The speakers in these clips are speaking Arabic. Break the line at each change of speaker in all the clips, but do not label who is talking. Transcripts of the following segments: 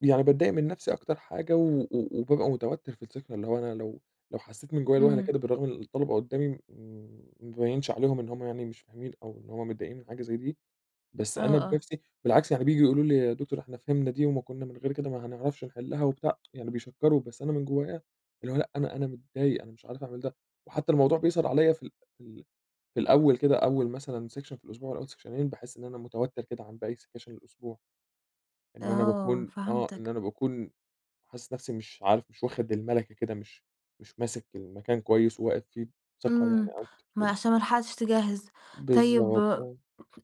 يعني باتضايق من نفسي أكتر حاجة و و وبابقى متوتّر في السكشن، اللي هو أنا لو لو حسّيت من جوّه لوهلة
إمم.
كده بالرغم إن الطلبة قُدّامي م ما أبيّنش عليهم إن هم يعني مش فاهمين أو إن هم متضايقين من حاجة زي دي، بس
آه،
أنا
آه.
بنفسي بالعكس، يعني بييجوا يقولوا لي: "يا دكتور إحنا فهمنا دي وما كُنّا من غير كده ما هنعرفش نحلّها،" وبتاع، يعني بيشكّروا بس أنا من جوّايا اللي هو لأ، أنا أنا متضايق، أنا مش عارف أعمل ده. وحتّى الموضوع بيظهر عليَا في ال في ال في الأول كده، أول مثلًا سكشن في الأسبوع والّا أول سكشنين، باحِس إن أنا متوتّر كده عن باقي سكاشن الأسبوع. إن أنا
آه
باكون آه. إن
فهمتك.
أنا باكون حاسِس نفسي مش عارف، مش واخِد المَلَكَة كده مش مش ماسِك المكان كويس وواقف فيه بثقة يعني
إمم.
أو
ما
[unintelligible]
عشان ما لحقتش تجهِّز. طيب
بالضبط. آه.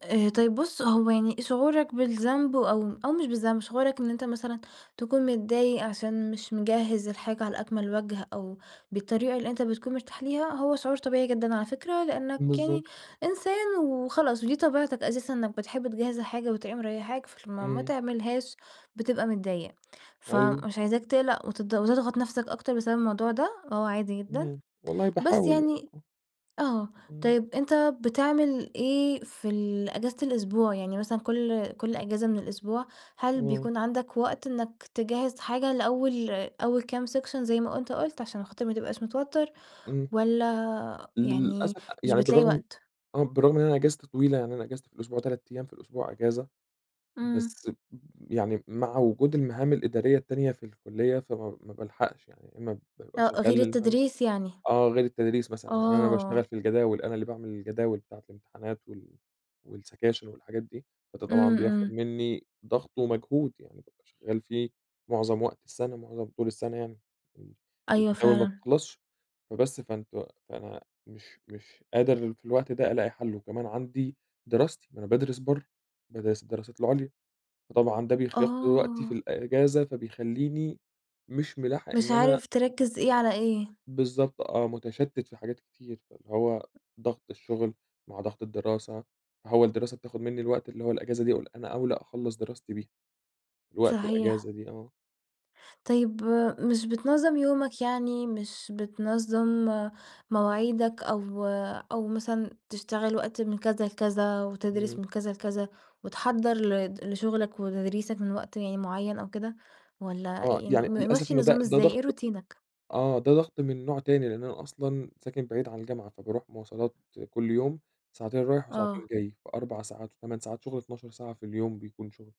آآ طيب بُص، هو يعني شعورك بالذنب أو أو مش بالذنب، شعورك إن أنت مثلًا تكون متضايق عشان مش مجهِّز الحاجة على أكمل وَجه أو بالطريقة اللي أنت بتكون مرتاح ليها، هو شعور طبيعي جدًا على فكرة، لإنّك يعني
بالضبط.
إنسان وخلاص ودي طبيعتك أساسًا إنّك بتحب تجهِّز الحاجة وتبقى مريّحاك، فلمّا ما
إمم.
تعملهاش بتبقى متضايق.
أيوه.
فمش عايزاك تقلق وت وتضغط نفسك أكتر بسبب الموضوع ده وهو عادي جدًا،
إمم. والله
بس
باحاول يعني
يعني
آه.
آه.
إمم.
طيب، أنت بتعمل إيه في ال إجازة الأسبوع؟ يعني مثلًا كل كل إجازة من الأسبوع، هل
إمم.
بيكون عندك وقت إنّك تجهِّز حاجة لأول أول كام سكشن زي ما أنت قُلت عشان خاطر ما تبقاش متوتّر
إمم.
والّا يعني
للأسف أ
مش
يعني
بتلاقي
بالرغم
وقت؟
آه. بالرغم من إن أنا إجازتي طويلة، يعني أنا إجازتي في الأسبوع 3 أيام في الأسبوع إجازة،
إمم.
بس ب يعني مع وجود المهام الإدارية التانية في الكُلّية، فما ما بالحقش يعني يا إمّا بابقى
آه، غير
شغّال [unintelligible]
التدريس يعني.
آه. غير التدريس مثلًا، يعني أنا باشتغل
آه.
في الجداول، أنا اللي باعمل الجداول بتاعة الامتحانات وال والسكاشن والحاجات دي، فده طبعًا
إمم،
بياخُد
إمم.
منّي ضغط ومجهود. يعني بابقى شغّال فيه معظم وقت السَنة، معظم طول السَنة يعني. إمم.
أيوه
الجداول ما
فعلًا.
بتخلصش. فبس، فأنتم فأنا مش مش قادر في الوقت ده ألاقي حَل وكمان عندي دراستي، ما أنا بادرس برّه، بادرس الدراسات العُليا. فطبعًا ده بيخ بياخُد كل وقتي في
آه.
الإجازة، فبيخلّيني مش مِلاحق
مش
إن أنا
عارف تركّز إيه على إيه.
بالضبط آه. مُتشتّت في حاجات كتير، فاللي هو ضغط الشُغل مع ضغط الدراسة، ما هو الدراسة بتاخُد منّي الوقت اللي هو الإجازة دي، أقول أنا أَولَى أخلّص دراستي بيها. الوقت
صحيح.
الإجازة دي آه.
طيب، مش بتنظّم يومك، يعني مش بتنظّم مواعيدك أو أو مثلًا تشتغل وقت من كذا لكذا وتدرِس
إمم.
من كذا لكذا وتحضَّر لد لشُغلك وتدريسك من وقت يعني معيّن أو كده والّا
آه.
يعني
يعني للأسف
مِمَشِّي
إنه ده
النظام
ده
إزاي؟ إيه
ضغْط
روتينك؟
آه. ده ضغْط من نوع تاني، لإن أنا أصلًا ساكن بعيد عن الجامعة، فباروح مواصلات كل يوم ساعتين رايح وساعتين
آه.
جاي في 4 ساعات و8 ساعات شُغل 12 ساعة في اليوم بيكون شُغل،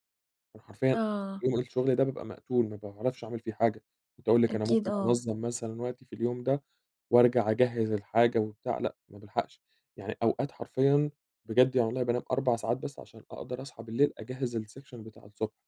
فأنا حرفيًا
آه.
يوم الشُغل ده بابقى مقتول، ما باعرفش أعمل فيه حاجة. كنت هاقول لِك أنا
أكيد
ممكن
آه.
أنظَّم مثلًا وقتي في اليوم ده وأرجع أجهِّز الحاجة وبتاع لأ، ما بالحقش. يعني أوقات حرفيًا بجد يعني والله بانام 4 ساعات بس عشان أقدر أصحى الليل أجهِّز السكشن بتاع الصبح.